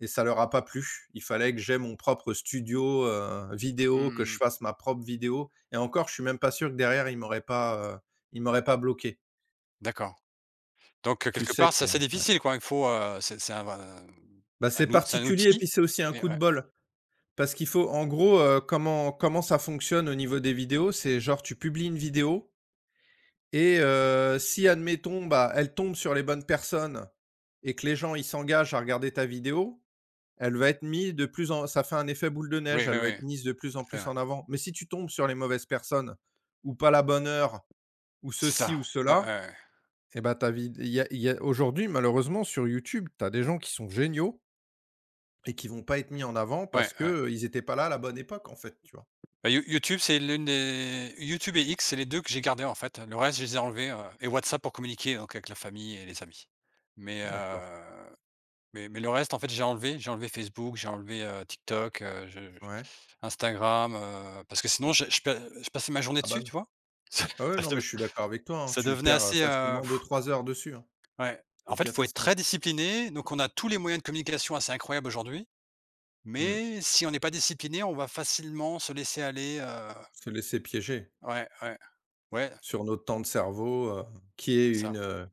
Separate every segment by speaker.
Speaker 1: Et ça leur a pas plu. Il fallait que j'ai mon propre studio, heu,
Speaker 2: Mmh
Speaker 1: vidéo,
Speaker 2: mh,
Speaker 1: que
Speaker 2: mmh
Speaker 1: je
Speaker 2: mh.
Speaker 1: fasse ma propre vidéo et encore, je suis même pas sûr que derrière, ils m'auraient pas, heu, ils m'auraient pas bloqué.
Speaker 2: D'accord, donc heu,
Speaker 1: Tu
Speaker 2: quelque
Speaker 1: sais
Speaker 2: part,
Speaker 1: que
Speaker 2: c'est assez
Speaker 1: ouais.
Speaker 2: difficile, quoi? Il faut, heu, c'est c'est un v
Speaker 1: Bah,
Speaker 2: c'est
Speaker 1: c'est
Speaker 2: un ou c'est un
Speaker 1: particulier et
Speaker 2: outil
Speaker 1: puis c'est aussi un
Speaker 2: mais
Speaker 1: coup de
Speaker 2: ouais.
Speaker 1: bol. Parce qu'il faut en gros, heu, comment comment ça fonctionne au niveau des vidéos? C'est, genre, tu publies une vidéo et heu, si admettons, bah, elle tombe sur les bonnes personnes et que les gens, ils s'engagent à regarder ta vidéo, elle va être mise de plus en ça fait un effet boule de
Speaker 2: Oui,
Speaker 1: neige,
Speaker 2: oui,
Speaker 1: elle va
Speaker 2: oui.
Speaker 1: être
Speaker 2: Tout
Speaker 1: mise de plus
Speaker 2: à
Speaker 1: en
Speaker 2: fait,
Speaker 1: plus
Speaker 2: oui.
Speaker 1: en avant mais si tu tombes sur les mauvaises personnes ou pas la bonne heure ou
Speaker 2: C'est
Speaker 1: ceci
Speaker 2: ça,
Speaker 1: ou
Speaker 2: ouais, ouais,
Speaker 1: cela,
Speaker 2: ouais.
Speaker 1: eh ben, ta vid il y a il y a aujourd'hui malheureusement sur YouTube, tu as des gens qui sont géniaux et qui vont pas être mis en avant
Speaker 2: Ouais,
Speaker 1: parce
Speaker 2: ouais.
Speaker 1: qu'ils étaient pas là, à la bonne époque, en fait, tu vois?
Speaker 2: Bah, You YouTube, c'est l'une des YouTube et X, c'est les 2 que j'ai gardé, en fait, le reste, je les ai enlevés, heu et WhatsApp pour communiquer, donc avec la famille et les amis mais
Speaker 1: D'accord.
Speaker 2: heu, mais mais le reste, en fait, j'ai enlevé. J'ai enlevé Facebook, j'ai enlevé, heu, TikTok, heu, je je
Speaker 1: Ouais.
Speaker 2: Instagram, heu, parce que sinon, je je pa heu, je passais ma journée
Speaker 1: Ah, bah,
Speaker 2: dessus,
Speaker 1: non.
Speaker 2: tu vois? Ça
Speaker 1: Ouais, ouais, non
Speaker 2: ça de
Speaker 1: mais je suis d'accord avec toi, hein,
Speaker 2: ça
Speaker 1: tu
Speaker 2: devenait
Speaker 1: perds, heu,
Speaker 2: assez, heu
Speaker 1: facilement 2-3 heures dessus, hein.
Speaker 2: ouais.
Speaker 1: C'est
Speaker 2: En
Speaker 1: une
Speaker 2: fait, il faut être
Speaker 1: catastrophe.
Speaker 2: très discipliné, donc on a tous les moyens de communication assez incroyables aujourd'hui
Speaker 1: Mmh mh.
Speaker 2: mais si on est pas discipliné, on va facilement se laisser aller, heu
Speaker 1: Se laisser piéger
Speaker 2: Ouais, ouais. Ouais.
Speaker 1: sur notre temps de cerveau, heu, qui est
Speaker 2: C'est
Speaker 1: une,
Speaker 2: ça.
Speaker 1: heu,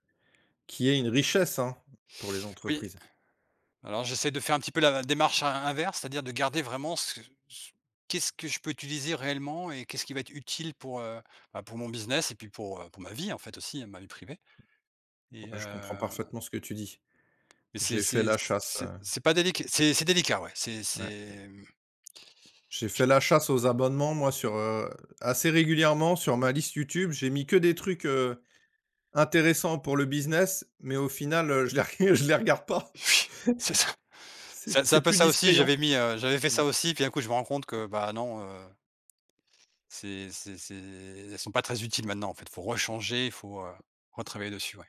Speaker 1: qui est une richesse, hein, pour les
Speaker 2: Oui,
Speaker 1: entreprises.
Speaker 2: alors j'essaie de faire un petit peu la démarche in inverse. C'est-à-dire de garder vraiment ce ce qu'est-ce que je peux utiliser réellement et qu'est-ce qui va être utile pour, heu, bah, pour mon business et puis pour, heu, pour ma vie, en fait, aussi, hein, ma vie privée et
Speaker 1: Ouais, je comprends
Speaker 2: heu
Speaker 1: parfaitement ce que tu dis.
Speaker 2: mais c'est
Speaker 1: J'ai fait
Speaker 2: c'est
Speaker 1: la chasse,
Speaker 2: c'est
Speaker 1: heu
Speaker 2: c'est pas délic c'est c'est délicat, ouais, c'est
Speaker 1: Ouais.
Speaker 2: c'est mmh.
Speaker 1: J'ai
Speaker 2: Je su
Speaker 1: fait la chasse aux abonnements, moi, sur, heu, assez régulièrement sur ma liste YouTube, j'ai mis que des trucs, heu, intéressants pour le business mais au final, heu, je les je les regarde pas.
Speaker 2: Oui. C'est ça. C'est
Speaker 1: C'est
Speaker 2: c'est
Speaker 1: c'est
Speaker 2: un peu
Speaker 1: plus
Speaker 2: ça aussi.
Speaker 1: distrayant.
Speaker 2: J'avais mis, heu, j'avais fait ça
Speaker 1: Ouais.
Speaker 2: aussi et puis un coup, je me rends compte que, bah, non, heu c'est c'est c'est elles sont pas très utiles maintenant, en fait, il faut rechanger, il faut, heu, retravailler dessus, ouais.